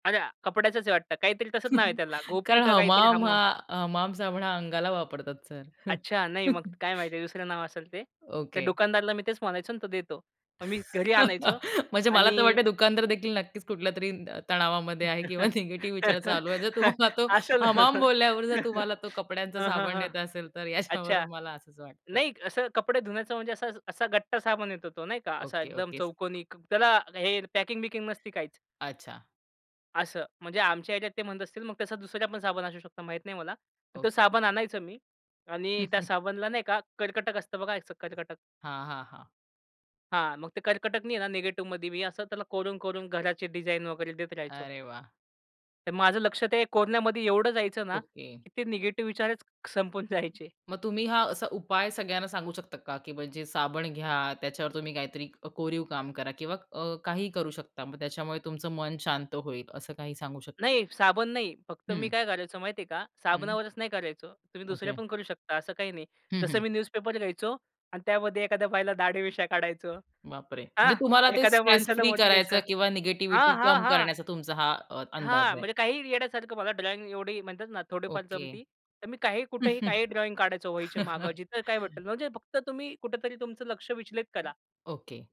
अरे! कपड्याचच आहे वाटतं, काहीतरी तसंच नाव आहे त्याला, गोपी कारण का काहीतरी हमाम हा हम-हम. अ, हमाम साबण हा अंगाला वापरतात सर. अच्छा, नाही मग काय माहिती दुसरं नाव असेल ते. त्या ओके. दुकानदाराला मी तेच म्हणायचो अन् तो देतो. मग मी घरी आणायचो म्हणजे मला तर आणि वाटतंय दुकानदारदेखील नक्कीच कुठल्यातरी अ, तणावामध्ये आहे किंवा निगेटिव्ह विचार चालू आहे, जर तुम्हाला तो असल. हमाम हं, बोलल्यावर जर तुम्हाला तो कपड्यांचा हं, साबण हं. देत असेल, तर अच्छा, याच्यावरून मला असंच वाटतंय. नाही असं कपडे धुण्याचं म्हणजे असा असा गट्टा साबण येतो तो, नाही का? असा ओके, एकदम ओके सर. चौकोनी क त्याला हे पॅकिंग-बिकिंग नसती काहीच. अच्छा. असं, म्हणजे आमच्या ह्याच्यात ते म्हणत असतील, मग तसा दुसरा पण साबण असू शकतो, माहीत नाही मला. तो ओके. साबण आणायचं मी आणि त्या साबणला नाही का, कर्कटक असतं बघा, असं एक कर्कटक. हां, हां, हां. हां, मग ते कर्कटकनी आहे ना निगेटिव्हमध्ये मी असं त्याला कोरून-कोरून घराची डिझाइन वगैरे देत राहायचो. अरे वाह! तर माझं लक्ष ते कोरन्यामध्ये एवढं जायचं ना, ओके. की ते निगेटिव्ह विचारच संपून जायचे. मग तुम्ही हा असा उपाय सगळ्यांना सांगू शकता का, की म्हणजे साबण घ्या, त्याच्यावर तुम्ही काहीतरी अ, कोरीव काम करा किंवा अ, काहीही करू शकता. मग त्याच्यामुळे तुमचं मन शांत होईल, असं काही सांगू शकता? नाही, साबण नाही. फक्त मी हं. काय करायचो माहितीये का? हं. साबनावरच नाही करायचो. तुम्ही दुसऱ्या ओके. पण करू शकता असं काही नाही. हं, जसं हं. मी न्यूजपेपर घ्यायचो अन् त्यामध्ये एखाद्या बाईला दाढी मिश्या काढायचो. बापरे! म्हणजे हां, तुम्हाला ते एखाद्या स्ट्रेस माणसाला फ्री मोठे करायचं केसं किंवा हां, निगेटिव्हिटी हां, कम हां. करण्याचा तुमचा हा अ, हां, अंदाज आहे. म्हणजे काहीही येडयासारखं. मला ड्रॉइंग एवढी म्हणतात ना थोडीफार ओके. जमती. तर मी काहीही, कुठेही काही ड्रॉइंग काढायचो, वहीच्यामागं, जिथे काय भेटल, म्हणजे फक्त तुम्ही कुठेतरी तुमचं लक्ष विचलित करा. ओके.